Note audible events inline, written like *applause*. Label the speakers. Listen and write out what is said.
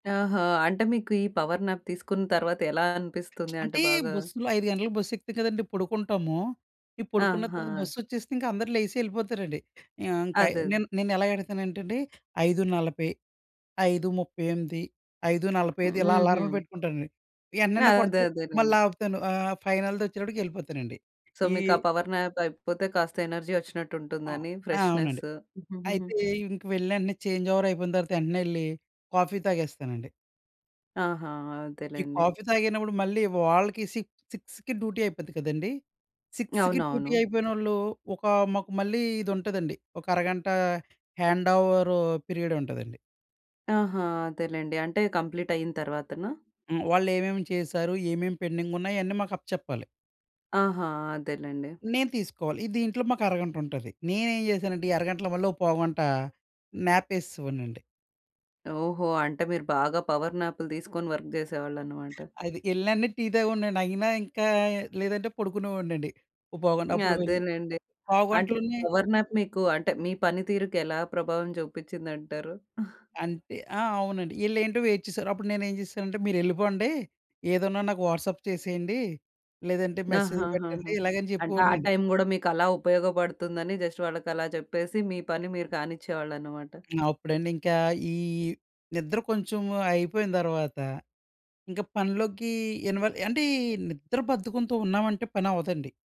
Speaker 1: ఆహా! అంటే, మీకు ఈ పవర్ న్యాప్ తీసుకున్న తర్వాత ఎలా
Speaker 2: *smacks lips*
Speaker 1: అనిపిస్తుంది? అంటే,
Speaker 2: అంటే,
Speaker 1: బాగా
Speaker 2: బస్సులో 5 గంటలకు బస్సెక్కుతాం కదండీ పొడుకుంటాము. ఇ పొడుకున్న తర్వాత
Speaker 1: ఆహా!
Speaker 2: బస్సొచ్చేసిందిక అందరు లేసి యెళ్ళిపోతారండి. ఆహ్, ఇంకయి
Speaker 1: అదదే.
Speaker 2: నేన్ నేనెలా ఎడతానంటేండి, 5:40, 5:38, ఐదు నలభై
Speaker 1: హ్మ్.
Speaker 2: ఐదు ఇలా అలారాలు
Speaker 1: హుహు.
Speaker 2: పెట్టుకుంటానండి.
Speaker 1: ఆ!
Speaker 2: ఎంటనండా
Speaker 1: అదే,
Speaker 2: కొడతది,
Speaker 1: అదేలేండి.
Speaker 2: మళ్ళాపుతాను. ఆహ్, ఫైనల్‌దొచ్చేటప్పడికి యెళ్ళిపోతానండి.
Speaker 1: సో,
Speaker 2: ఈ
Speaker 1: మీకా పవర్ న్యాప్ అయిపోతే కాస్త ఎనర్జీ
Speaker 2: ఆ!
Speaker 1: ఒచ్చినట్టుంటుందని,
Speaker 2: ఆ! అవునండి.
Speaker 1: ఫ్రెష్‌నెస్.
Speaker 2: అయితే,
Speaker 1: *chuckles*
Speaker 2: ఇంక వెళ్ళండి, చేంజోవరయిపోయిన తర్వాత ఎంటనే యెళ్లి కాఫీ తాగేస్తానండి.
Speaker 1: ఆహా!
Speaker 2: ఈ
Speaker 1: అదెలేండి.
Speaker 2: కాఫీ తాగినప్పుడు మళ్ళీ వాళ్ళకి సి సిక్స్‌కి డ్యుటీ అయిపోద్ది కదండీ, 6కి డ్యూటీ
Speaker 1: అవునవును.
Speaker 2: అయిపోయినోళ్ళూ ఒకా మాకు మళ్ళీ ఇదుంటదండి, ఒకరగంటా హ్యాండోవరూ పిరియడుంటదండి.
Speaker 1: ఆహా! అదేలెండి. అంటే, కంప్లీట్ అయిన తరవాతనా?
Speaker 2: హ్మ్. వాళ్ళేవేమి చేశారు, ఏమేమి పెండింగున్నాయన్నీ మాకప్ప చెప్పాలి.
Speaker 1: ఆహా! అదేలెండి.
Speaker 2: నేను తీసుకోవాలి. ఇ దీంట్లో మాకు అరగంటుంటది. నేనేం చేశానంటే ఈ అరగంటలో మళ్ళో పావుగంట న్యాపేసేసేవాడినండి.
Speaker 1: ఓహో! అంటే మీరు బాగా పవర్ న్యాప్‌లు తీసుకొని వర్క్ జేసేవాళ్ళనమాట.
Speaker 2: అది యెళ్ళినెంటనే టీ తాగేవోడినండి. అయినా ఇంకా లేదంటే పొడుకునే ఓడినండి, ఓ పావుగంట
Speaker 1: హ్మ్.
Speaker 2: అప్పుడు వెళ్ళి
Speaker 1: అదేలేండి. అంటే,
Speaker 2: పావుగంటలోనే
Speaker 1: పవర్ న్యాప్ మీకు అంటే, మీ పని తీరుకు ఎలా ప్రభావం చూపిచ్చిందంటారు? *chuckles*
Speaker 2: అంటే ఆ! అవునండి. ఈళ్ళేంటో వెయిట్ చేసేవారు. అప్పుడు నేనేం చేశానంటే, మీరెళ్ళిపోండి, ఏదున్నా నాకు వాట్సాప్ చేసెయ్యండి, లేదంటే మెసేజ్ పెట్టండి,
Speaker 1: ఆహాహాహా!
Speaker 2: ఇలాగని
Speaker 1: అంటే, ఆ
Speaker 2: చెప్పేవోడినండి.
Speaker 1: టైమ్ గూడా మీకు అలా ఉపయోగపడుతుందని జస్ట్ వాళ్ళకలా చెప్పేసి మీ పని మీరు కానిచ్చేవాళ్ళనమాట.
Speaker 2: అప్పుడండింకా ఈ నిద్ర కొంచెము అయిపోయిన తర్వాత, ఇంక పనిలోకి ఇన్‌వాల్ అంటే, ఈ నిద్ర బద్ధకంతో ఉన్నావంటే పనవ్వదండి.